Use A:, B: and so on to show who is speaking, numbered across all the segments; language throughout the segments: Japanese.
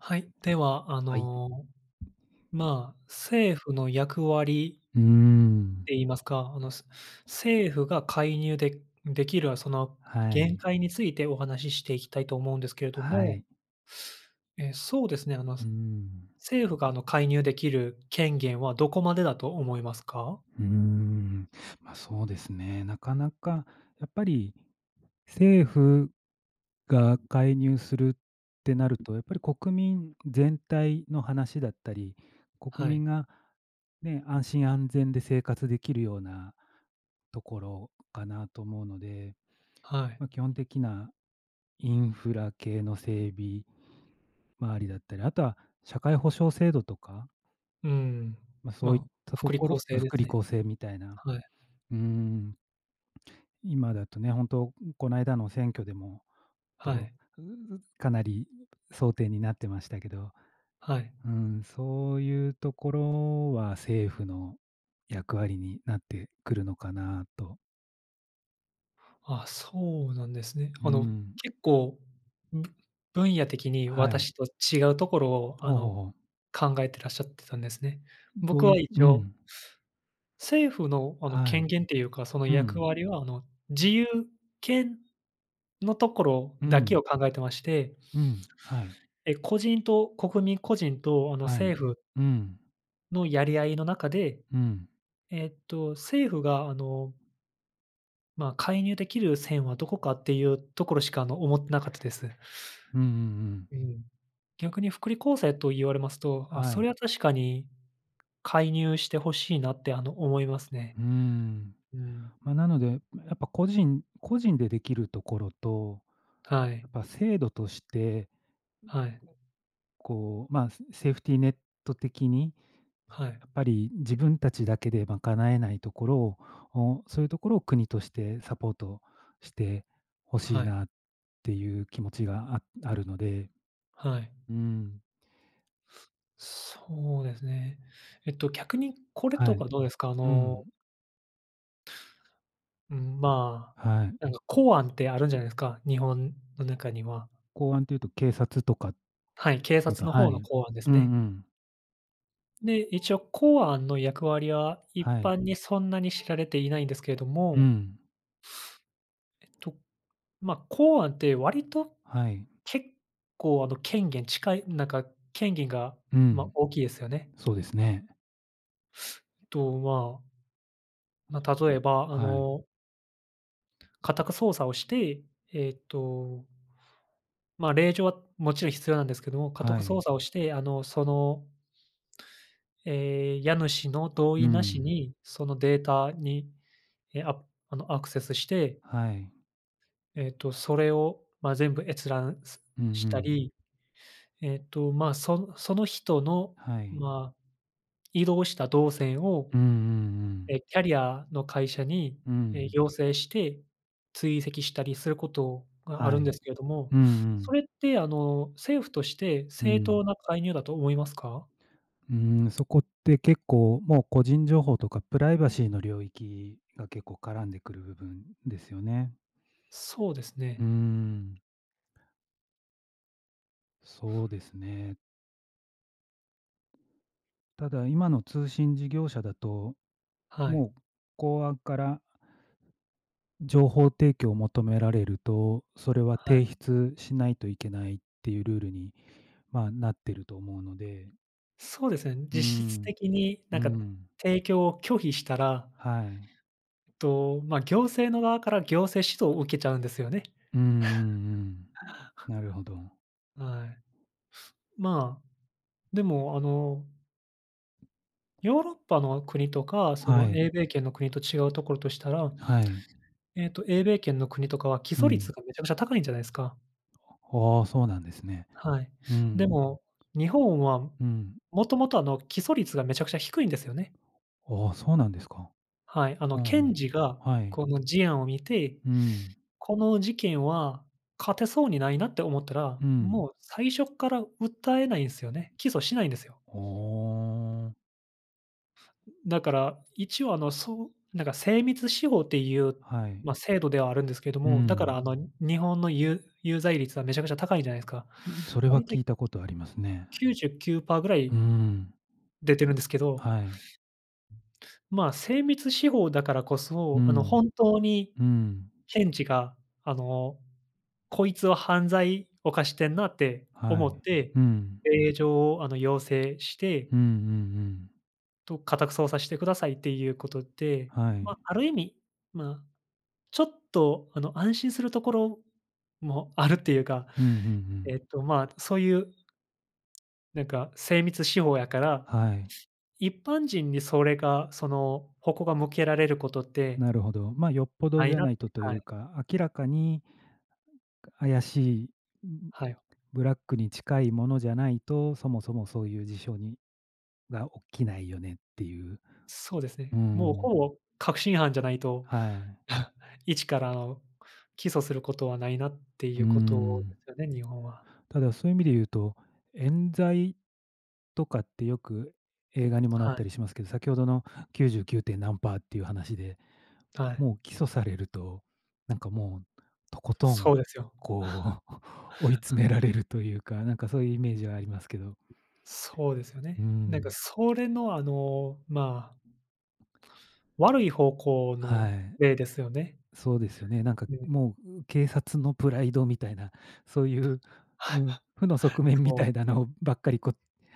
A: はい、では、あ
B: はい。
A: の、まあ、政府の役割
B: うー
A: っ
B: ん。
A: て言いますか、あの、す政府が介入でできる、あ、その、
B: は
A: 限
B: い。
A: 界についてお話ししていきたいと思うんですけれど
B: はい。
A: も。え、そうですね、あ、ま
B: う
A: す、
B: ん。
A: 政府が、あの、介入できる権限はどこまでだと思いますか？
B: うーん。ま、そうですね。なかなか、やっぱり、政府が介入するってなると、やっぱり、国民全体の話だったり、国
A: はい。
B: 民が、ね、安心安全で生活できるようなところかなと思うので。
A: はい。
B: ま、基本的なインフラ系の整備周りだったり、後は社会保障制度とか
A: うん。
B: ま、そういっ
A: ま、
B: たと
A: 福利
B: こ
A: 厚
B: ろ
A: 生で
B: 福
A: す
B: 利
A: ね。
B: 厚生みたいな。
A: はい。
B: うーん。今だとね、ほんと、んこの間の選挙でも、
A: は
B: ど
A: い。
B: んかなり争点になってましたけど。
A: はい。
B: うん、そういうところは政府の役割になってくるのかなと。
A: あ、そうなんですね。
B: ふー
A: あの、
B: ん。
A: 結構、む分野的に
B: はい。
A: 私と違うところを、あ
B: ほうほう
A: の、
B: ほう。
A: 考えてらっしゃってたんですね？
B: んど
A: 僕
B: うい
A: は
B: う
A: 一
B: う
A: 応
B: ん。
A: 政府の、あの、
B: は
A: 権
B: い。
A: 限っていうか、その
B: う
A: 役
B: ん。
A: 割は、あの、自由権のところ
B: う
A: だけ
B: ん。
A: を考えてまして
B: うん、はい。
A: え、個人と国民個人と、あの、
B: はい。
A: 政府
B: うん。
A: のやり合いの中で、
B: うん。
A: えっと、政府が、あのま、介入出来る線はどこかっていうところしか、あの、思ってなかったです。
B: うんうんうん。
A: うん。逆に福利厚生と言われますと、あ、
B: は
A: そ
B: い。
A: れは確かに介入して欲しいなって、あの、思いますね。
B: うーん。
A: うん。
B: ま、なので、ま、やっぱ個人個人で出来るところと、
A: はい。
B: やっぱ制度として
A: はい。
B: こう、ま、すセーフティネット的に、
A: はい。
B: やっぱり自分たちだけで賄えないところをを、そういうところを国としてサポートして、欲しい
A: はい。
B: なっていう気持ちがああるので
A: はい。
B: うん。
A: そうですね。えっと逆に、これと
B: はい。
A: かどうですか？あ
B: う
A: の
B: ん。
A: うん、ま、
B: はい。
A: なんか、公安ってあるじゃないですか、日本の中には。
B: 公安っていうと、警察とか。
A: はい、警
B: こ
A: 察
B: と
A: の方
B: はい。
A: の
B: うん
A: 公案です
B: う
A: ね。
B: ん。
A: で、一応公安の役割は一
B: はい。
A: 般にそんなに知られていないんですけれど
B: う
A: も。
B: ん。
A: えっと、ま、公安って割と
B: はい。
A: 結構、あの、権限近いなんか、権限が、
B: う
A: まあ、
B: ん。
A: 大きいですよね。
B: そうですね。
A: と、まあ。ま、例えばあ
B: はい。
A: の家宅操作をして、えっとま、令状はもちろん必要なんですけども、家
B: は
A: 宅捜
B: い。
A: 索をして、あの、そのええ、家主の同
B: う
A: 意なし
B: ん。
A: に、そのデータに、え、ああのアクセスして
B: はい。
A: えっと、それを、ま、全部閲覧、す
B: うんう
A: した
B: ん。
A: り、えっとま、そその人の
B: はい。
A: ま、移動した動線を、
B: うんうんうん。
A: え、キャリアの会社に、
B: う
A: え、
B: ん。
A: 要請して追跡したりすることがあ
B: は
A: るんで
B: い。
A: すけれども、
B: うんう
A: そ
B: ん。
A: れってあの、政府として
B: う
A: 正
B: ん。
A: 当な介入だと思いますか？
B: うーん、そこって結構もう個人情報とかプライバシーの領域が結構絡んでくる部分ですよね。
A: そうですね。
B: うーん。そうですね。ただ、今の通信事業者だと、
A: はい。
B: もう公安から情報提供を求められると、それは
A: は
B: て
A: い。
B: いひつしないといけないっていうルールに、まあ、なってると思うので。
A: そうですね。
B: うー
A: 実質
B: ん。
A: 的に、
B: う
A: なんか、
B: ん。
A: 提供を拒否したら
B: はい。
A: えっと、ま、行政の側から行政指導を受けちゃうんですよね。
B: うんうんうん。なるほど。
A: はい。ま、でも、あのヨーロッパの国とか、そ
B: は
A: の、
B: い。
A: 英米圏の国と違うところとしたら、
B: はい。
A: ええと、英米圏の国とかは起
B: う
A: 訴
B: ん。
A: 率がめちゃくちゃ高いんじゃないすか。
B: ああ、そうなんですね。
A: はい。
B: う
A: で
B: ん。
A: も、日本は
B: うん、う
A: もともと、あの、起訴率がめちゃくちゃ低いんですよね。
B: ああ、そうなんですか。
A: はい。あの、
B: うんう
A: 検
B: ん。
A: 事が
B: はい。
A: この事案を見て、
B: うん。
A: この事件は勝てそうにないなって思ったら、
B: うん。
A: もう最初っから訴えないんすよね。起訴しないんですよ。
B: ああ。
A: だから、一応あの、そう、なんか精密司法っていう、
B: はい。
A: ま、制度ではあるんですけど
B: う
A: も、だから、
B: ん。
A: あの、日本のゆ有罪率はめちゃくちゃ高いじゃないすか。
B: それ
A: だ
B: は
A: いたい
B: 聞いた事ありますね。
A: 99パーぐら
B: うー
A: い、
B: ん。
A: 出てるんですけど。
B: はい。
A: まあ、精密司法だからこ
B: う
A: そ、あの、
B: ん。
A: 本当に
B: うん。
A: 検事が、あの、こいつは犯罪犯してんなって
B: は
A: 思
B: い。
A: って、
B: うん。
A: 令状を、あの、要請して
B: うんうんうん。
A: と家宅捜査してくださいっていうことで、
B: はい。
A: ま、ある意味、ま、ちょっと、あの、安心するところもあるっていうか、
B: うんうんうん。
A: えっと、ま、そういうなんか精密手法やから、
B: はい。
A: 一般人にそれが、その矛が向けられることって、
B: なるほど。ま、よっぽど
A: ない
B: じゃ
A: なっ
B: な
A: て
B: いとと
A: は
B: い
A: い。
B: うか、明らかに怪しい、んん、
A: はい。
B: ブラックに近いものじゃないと、そもそもそういう事象にが起きないよねっていう。
A: そうです
B: う
A: ね。もう
B: ん。
A: ほぼ確信犯じゃないと、
B: はい。
A: 一から起訴することはないなって
B: う
A: い
B: ー
A: うこと
B: ん。
A: すよね、日本は。
B: ただ、そういう意味で言うと、冤罪とかってよく映画にもなっ
A: はい。
B: たりしますけど、先ほどの99点何パーっていう話で、
A: はい。
B: もう起訴されると、なんかもう、とことん、
A: そうですよ。
B: こう、追い詰められるというか、なんかそういうイメージはありますけど。
A: そうですよ
B: うー
A: ね。なんか
B: ん。
A: それの、あの、ま悪い方向
B: は
A: の
B: い。
A: 例ですよね。
B: そうですよね、なんか
A: うん。
B: もう、う、警察のプライドみたいな、そういう、う、負の側 面みた
A: そ
B: いだ
A: う。
B: のばっかりこ、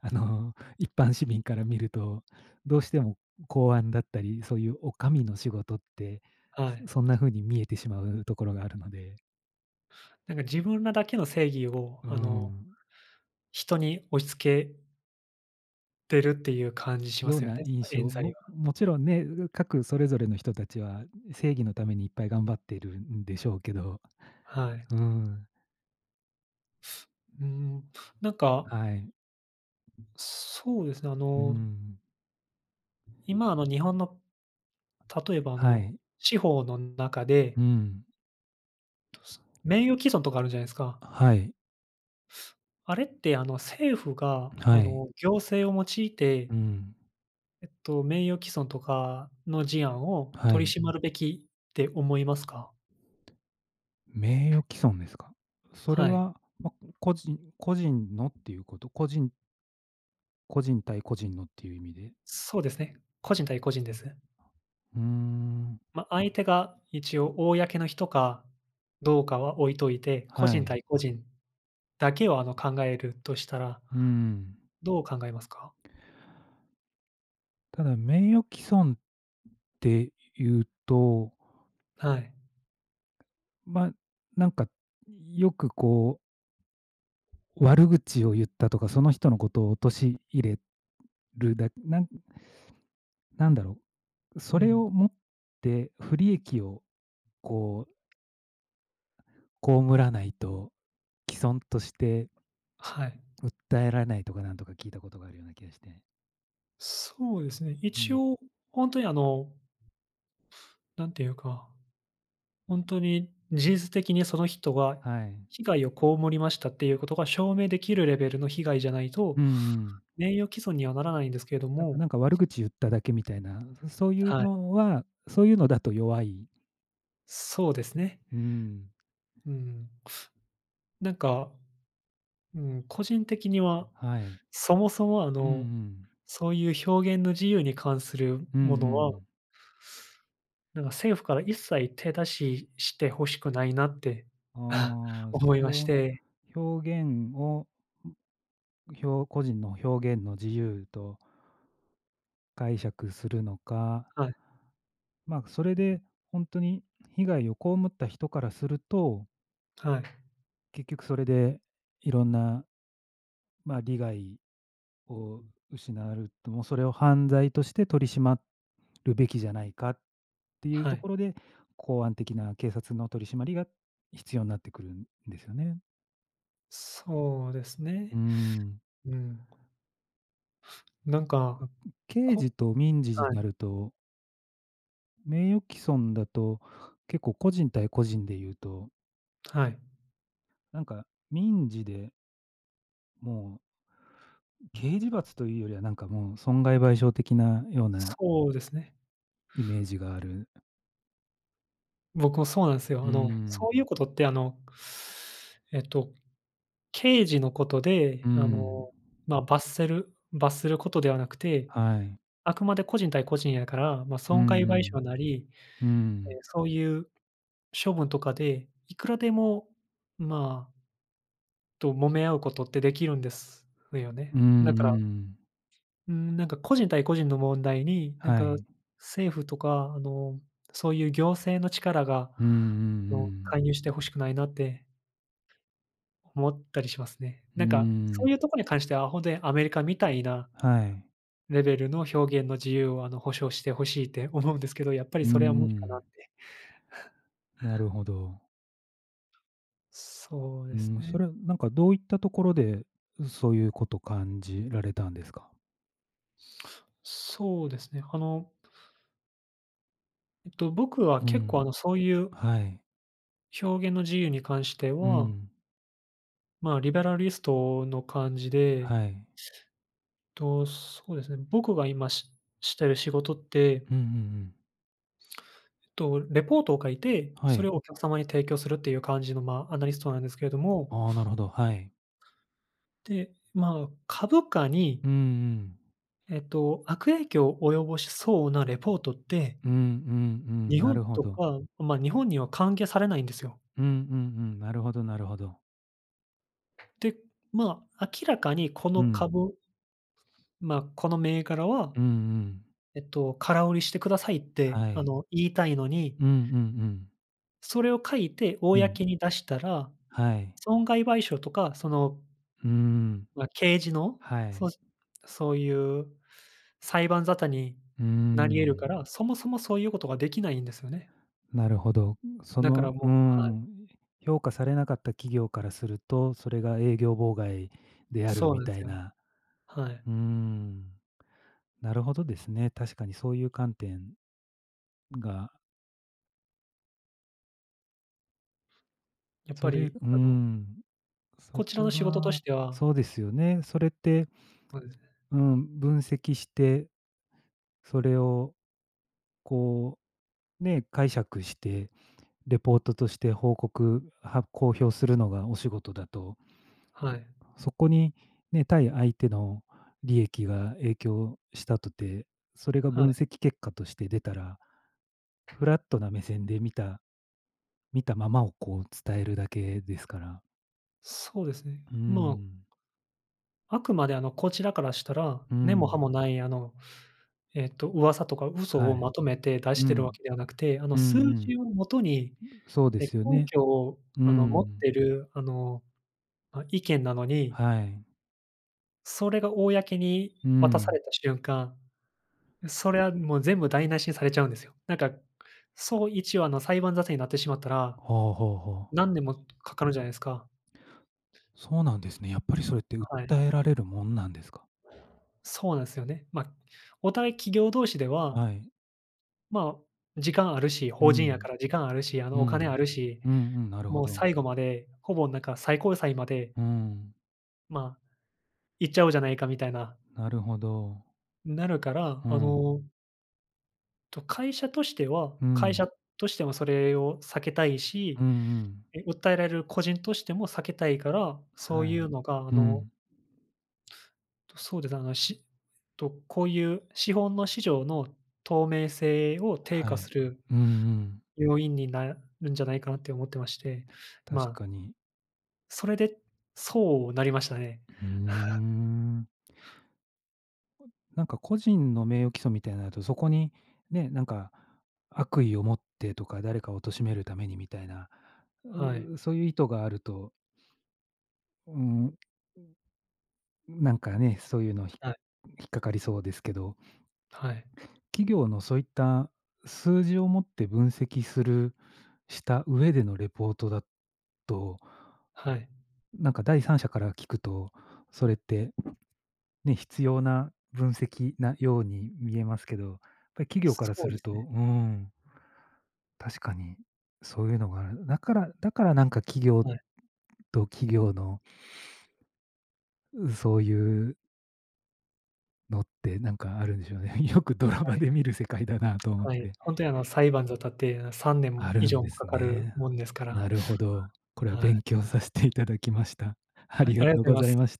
B: あの、一般市民から見ると、どうしても公安だったり、そういうお上の仕事って、
A: は
B: す
A: い。
B: そんな風に見えてしまうところがあるので。
A: なんか、自分らだけの正義を、
B: うー
A: あの、
B: ん。
A: 人に押し付けてるっていう感じしま
B: よう
A: すよ
B: な
A: ね、
B: 印
A: 冤
B: 象、
A: 罪
B: も
A: は。
B: もちろんね、う各それぞれの人達は正義のためにいっぱい頑張っているんでしょうけど。
A: はい。
B: うーん。
A: うーん、なんか
B: はい。
A: そうですね、あ
B: うー
A: の
B: ん。
A: 今の日本の、例えば、あ
B: は
A: の、
B: い。
A: 司法の中で
B: うーん。
A: 名誉毀損とかあるじゃないですか？
B: はい。
A: あれって、あの、政府が、あ
B: はい。
A: の、行政を用いて
B: うーん。
A: えっと、名誉毀損とかの事案を
B: は
A: 取り
B: い。
A: 締まるべきって思いますか？
B: 名誉毀損ですか？それ
A: はい。
B: は、まあ、個人個人のっていう事、個人個人対個人のっていう意味で
A: そうですね。個人対個人です。
B: ふん。
A: ま、相手が一応、公の人かどうかは置いといて、個
B: は
A: 人
B: い。
A: 対個人だけを、あの、考えるとしたら、
B: うーん。
A: どう考えますか？
B: ただ、名誉毀損っていうと
A: はい。
B: ま、なんか、い、よくこう悪口を言ったとか、その人の事を陥れる、だなんなんだろう、そ
A: う
B: れ
A: ん。
B: をもって不利益をこう被らないと、毀損として
A: はい。
B: 訴えられないとかなんとか聞いたことがあるような気がして。
A: そうですね。
B: う
A: 一
B: ん。
A: 応本当にあのなんていうか、本当に事実的にその人が、
B: はい。
A: 被害を被りましたっていうことが証明できるレベルの被害じゃない
B: う
A: と、
B: んうん。
A: 名誉毀損にはならないんですけれど
B: だから、
A: も
B: なんか、悪口言っただけみたいな、そそういう
A: はい。
B: のは、そういうのだと弱い。
A: そうですね。
B: うん。
A: うん。なんか、うん、個人的には
B: はい。
A: そもそもあ
B: うんう
A: の、
B: ん。
A: そういう表現の自由に関する
B: うんう
A: ものは
B: ん。
A: なんか、政府から一切手出ししてほしくないなって、あ、
B: ああ、
A: 思
B: そ
A: いま
B: れ
A: し
B: を、
A: て。
B: 表現を、ん、ひょう個人の表現の自由と解釈するのか。
A: はい。
B: まあ、それで本当に被害を被った人からすると
A: はい。
B: 結局それで、色んなま、利害を
A: うん。
B: 失わると、もうそれを犯罪として取り締まるべきじゃないかっていう
A: は
B: とこ
A: い。
B: ろで、公安的な警察の取り締まりが必要なってくるんですよね。
A: そうです
B: う
A: ね。
B: ーん。
A: うん。なん
B: あ
A: か、
B: かん、刑
A: こ
B: 事と民事じ
A: はい。
B: なると名誉棄損だと、結構個人対個人で言うと
A: はい。
B: なんか、民事でもうん、
A: う
B: 刑
A: ん。
B: 事罰というよりは、なんかもう損害賠償的なような
A: そうですね。
B: イメージがある。
A: 僕もそうなんす
B: う
A: よ。
B: ー
A: あ
B: ん、
A: の、
B: う
A: そうい
B: ん。
A: うことってあの、えっと、刑事のこと
B: う
A: で、
B: ー
A: あ
B: ん。
A: の、ま、罰せる罰することではなくて、
B: はい。
A: あくまで個人対個人やから、ま、
B: う
A: 損害
B: んう
A: 賠
B: ん、
A: 償なり、
B: う
A: ええ、
B: ん。
A: そういう処分とかでいくらでも、まあと、揉め合うことって出来るんですよ
B: う
A: ね。
B: ーん
A: な
B: うー
A: から
B: ん。
A: うーん、なんか個人対個人の問題に、なん
B: は
A: か、
B: い。
A: 政府とか、あの、そういう行政の力が、
B: うんうん
A: あ
B: う
A: の、
B: ん。
A: 介入して欲しくないなって思ったりしますね。
B: うー
A: なんか、そういう
B: ん。
A: とこに関してはほんとに、アメリカみたいな
B: はい。
A: レベルの表現の自由を、あの、保障してほしいって思うんですけど、やっぱり
B: うんう
A: それは無理かなっ
B: ん。
A: て。
B: なるほど。
A: そう
B: う
A: です
B: ーん、そ
A: ね。
B: れ、うなんかどういったところで、うそういうこと感じられたんですか？
A: そうですね。あのえっと、僕は
B: う
A: 結
B: ん。
A: 構あの、そういう
B: はい。
A: 表現の自由に関して
B: う
A: は
B: ん。
A: まあ、リベラリストの感じで
B: はい。
A: と、そうですね、僕が今ししてる仕事ってう
B: うんう
A: ん。
B: んうん。
A: えっと、レポートを書いて、
B: は
A: それ
B: い。
A: をお客様に提供するっていう感じの、まあ、アナリストなんですけれども
B: ああ、なるほど、はい。
A: で、まあ、株価に
B: うんうん。
A: えっと、悪影響及ぼしそうなレポートって、
B: うんうん
A: うん、
B: うん、
A: 日
B: な
A: 本
B: るほ
A: と
B: ど。
A: か、うま、日本には歓迎されないんですよ。
B: うんうんうん。なるほどなるほど。
A: で、まあ、明らかにこの
B: うん。
A: 株ま、この銘柄は、
B: うんうん。
A: えっと「空売りしてください」って、
B: は
A: あ
B: い。
A: の、言いたいのに
B: うんうんうん。
A: それを書いて
B: うん。
A: 公に出したら、
B: はい。
A: 損害賠償とかその、
B: うーん。
A: ま、刑事の、
B: はい。
A: そしそういう裁判沙汰に
B: うー
A: なり得る
B: ん。
A: から、そもそもそういうことができないんですよね。
B: なるほど。そ
A: だから
B: のうー
A: もうはい。
B: ん、評価されなかった企業からすると、それが営業妨害である
A: そう
B: み
A: なんす
B: たい
A: よね。
B: な。
A: はい。ううん。
B: うーん。なるほどですね。確かにそういう観点が
A: やっぱ
B: それ
A: り、
B: う
A: あの
B: ん、うそ
A: こちら
B: こ
A: の仕事とし
B: が
A: ては
B: そうですよね、それって
A: ほうですね。
B: うん、分析して、それを、こう、ね、解釈して、レポートとして報告は公表するのがお仕事だと
A: はい。ううん。
B: そこに、ね、対相手の利益が影響したとて、それが
A: は
B: 分
A: い。
B: 析結果として出たら、フラットな目線で見た、見たままをこう、伝えるだけですから
A: そうですね、
B: うー
A: まあ
B: ん。
A: あくまで、あの、こちらからしたら、
B: う
A: 根も葉
B: ん。
A: も無い、あの、えっと、噂とか嘘
B: は
A: を
B: い。
A: まとめて出し
B: う
A: てるわ
B: ん。
A: けではなくて、あの、
B: うん
A: 数
B: うん。
A: 字をもとに、
B: うそうで
A: え、
B: すよ
A: 根
B: ね。
A: 拠を、
B: う
A: あの、持っ
B: ん。
A: てる、あの、あ、意見なのに
B: はい。
A: それが公に
B: う
A: 渡さ
B: ん。
A: れた瞬間、それはもう全部台無しにされちゃうんですよ。なんか、そういちわの裁判沙汰になってしまったら、
B: はあはあはあ。
A: 何年もかかるじゃないすか。
B: そうなんですね。やっぱりそれって
A: はい。
B: 訴えられるもんなんですか？
A: そうなんすよね。ま、お互い企業同士では、
B: はい。
A: まあ、時間あるし
B: う
A: 法人や
B: ん。
A: から時間あるし、あ
B: う
A: の、お金あ
B: ん。
A: るし、
B: うんうん、なるほ
A: もう
B: ど。
A: 最後まで、ほぼなんか、最高裁まで
B: うん。
A: まあ、いっちゃおうじゃないかみたいな
B: なるほど。
A: なるから、
B: ふ
A: あ
B: ん。
A: のと、会社としては
B: う
A: 会社
B: ん。
A: としても、それを避けたいし、
B: うんうん。
A: 訴えられる個人としても避けたいから、そう
B: は
A: い
B: い。
A: うのが、あ
B: う
A: の
B: ん。
A: そうですね、あの、しとこういう資本の市場の透明性を低
B: は
A: 下
B: い。
A: する、
B: うんうん。
A: 要因になるんじゃないかなって思ってまして、
B: 確
A: まあ
B: かに。
A: それで、そうなりましたね。
B: ふう ん。
A: はい。
B: うーん。ううん。なんかね、そういうの、ひ
A: はい。
B: 引っかかりそうですけど。
A: はい。
B: 企業のそういった、数字をもって分析するした上でのレポートだと、
A: はい。
B: なんか第三者から聞くと、それって、ね、必要な分析なように見えますけど、やっぱり、企業から
A: そ
B: す
A: うで
B: る
A: す
B: と、
A: ね。
B: うーん。確かに、そういうのがある。だからだから、なんか企業
A: はい。
B: と企業の そういうのって、なんかあるんでしょうね。よくドラ
A: は
B: マ
A: い。
B: で見る世界だなと思っ
A: はい、
B: て。
A: ほんとにあの裁判沙汰って、さんね
B: あ
A: ん
B: る
A: 以
B: ん
A: 上も
B: で
A: か
B: す
A: かる
B: ね。
A: もんですから。
B: なるほど。これは
A: はい。
B: 勉強させて頂きました。あ
A: はい、
B: り
A: あ
B: が
A: りが
B: とう
A: とうござい
B: ご
A: ま
B: ざい
A: す。
B: まし